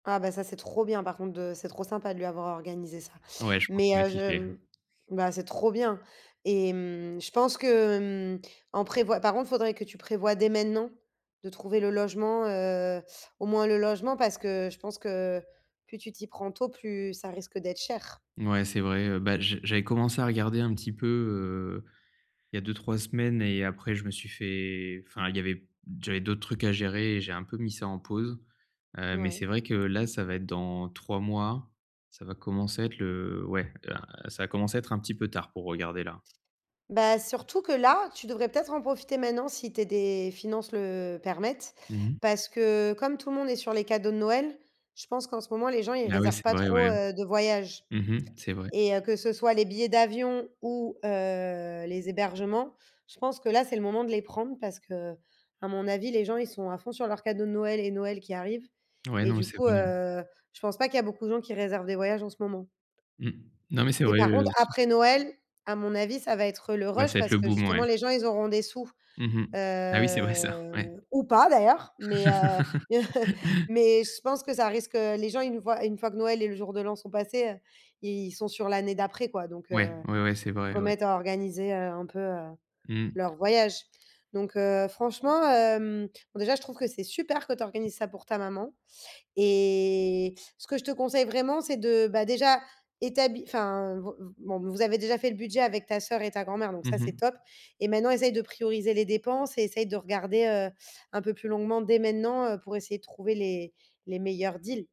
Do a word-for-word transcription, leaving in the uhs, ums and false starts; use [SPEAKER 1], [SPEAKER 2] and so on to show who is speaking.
[SPEAKER 1] Ah bah ça, c'est trop bien par contre de c'est trop sympa de lui avoir organisé ça.
[SPEAKER 2] Ouais, je pense
[SPEAKER 1] Mais,
[SPEAKER 2] qu'il va
[SPEAKER 1] heu,
[SPEAKER 2] kiffer, hein.
[SPEAKER 1] je bah, c'est trop bien. Et mmh, je pense que, hem, en prévoi par contre, faudrait que tu prévois dès maintenant, de trouver le logement, heu, au moins le logement, parce que, je pense que plus tu t'y prends tôt, plus ça risque d'être cher.
[SPEAKER 2] Ouais, c'est vrai, heu. Bah, j j'avais commencé à regarder un petit peu, heu, il y a deux-trois semaines et après je me suis fait enfin il y avait j'avais d'autres trucs à gérer et j'ai un peu mis ça en pause. Hem, mais,
[SPEAKER 1] Ouais.
[SPEAKER 2] c'est vrai que là, ça va être dans trois mois. Ça va commencer à être le, heu, ouais, ah ça va commencer à être un petit peu tard pour regarder là.
[SPEAKER 1] Bah, surtout que là, tu devrais peut-être en profiter maintenant si tes des finances le, heu, permettent.
[SPEAKER 2] Mmh mh.
[SPEAKER 1] Parce que, comme tout le monde est sur les cadeaux de Noël, je pense qu'en ce moment les gens ils
[SPEAKER 2] Ah oui,
[SPEAKER 1] réservent
[SPEAKER 2] c'est
[SPEAKER 1] pas
[SPEAKER 2] vrai,
[SPEAKER 1] trop,
[SPEAKER 2] ouais.
[SPEAKER 1] heu, de voyages.
[SPEAKER 2] Mmh mh, c'est vrai.
[SPEAKER 1] Et heu, que ce soit les billets d'avion ou, heu, les hébergements, je pense que là c'est le moment de les prendre, parce que, à mon avis, les gens ils sont à fond sur leurs cadeaux de Noël et Noël qui arrive.
[SPEAKER 2] Ouais,
[SPEAKER 1] Et
[SPEAKER 2] non.
[SPEAKER 1] du
[SPEAKER 2] C'est
[SPEAKER 1] coup,
[SPEAKER 2] mieux.
[SPEAKER 1] heu, je pense pas qu'il y a beaucoup de gens qui réservent des voyages en ce moment.
[SPEAKER 2] Mmh, non mais, c'est
[SPEAKER 1] Et
[SPEAKER 2] vrai,
[SPEAKER 1] par
[SPEAKER 2] heu,
[SPEAKER 1] contre,
[SPEAKER 2] c
[SPEAKER 1] après Noël, à mon avis, ça va être, heu, le
[SPEAKER 2] Ouais, ça
[SPEAKER 1] rush.
[SPEAKER 2] va être
[SPEAKER 1] Parce
[SPEAKER 2] le
[SPEAKER 1] que
[SPEAKER 2] boom, ouais.
[SPEAKER 1] justement les gens ils auront des sous.
[SPEAKER 2] Mmh mh. Ah oui, c'est
[SPEAKER 1] Heu,
[SPEAKER 2] vrai ça. Ouais.
[SPEAKER 1] ou pas d'ailleurs, mais, heu, mais heu, mais, je pense que, ça risque, heu, les gens ils nous voient une fois que Noël et le jour de l'an sont passés, heu, ils sont sur l'année d'après quoi, donc,
[SPEAKER 2] Ouais,
[SPEAKER 1] heu.
[SPEAKER 2] ouais, ouais. C'est vrai, ouais.
[SPEAKER 1] Remettre à organiser, heu, un peu, heu,
[SPEAKER 2] Mmh.
[SPEAKER 1] leur voyage. Donc, heu, franchement, hem, bon déjà, je trouve que c'est super que tu organises ça pour ta maman. Et, ce que je te conseille vraiment, c'est de bah, déjà, établi enfin, v bon, vous avez déjà fait le budget avec ta soeur et ta grand-mère, donc ça
[SPEAKER 2] Mmh
[SPEAKER 1] c'est
[SPEAKER 2] mh.
[SPEAKER 1] top. Et maintenant, essaye de prioriser les dépenses et essaye de regarder, heu, un peu plus longuement dès maintenant, heu, pour essayer de trouver les les meilleurs deals.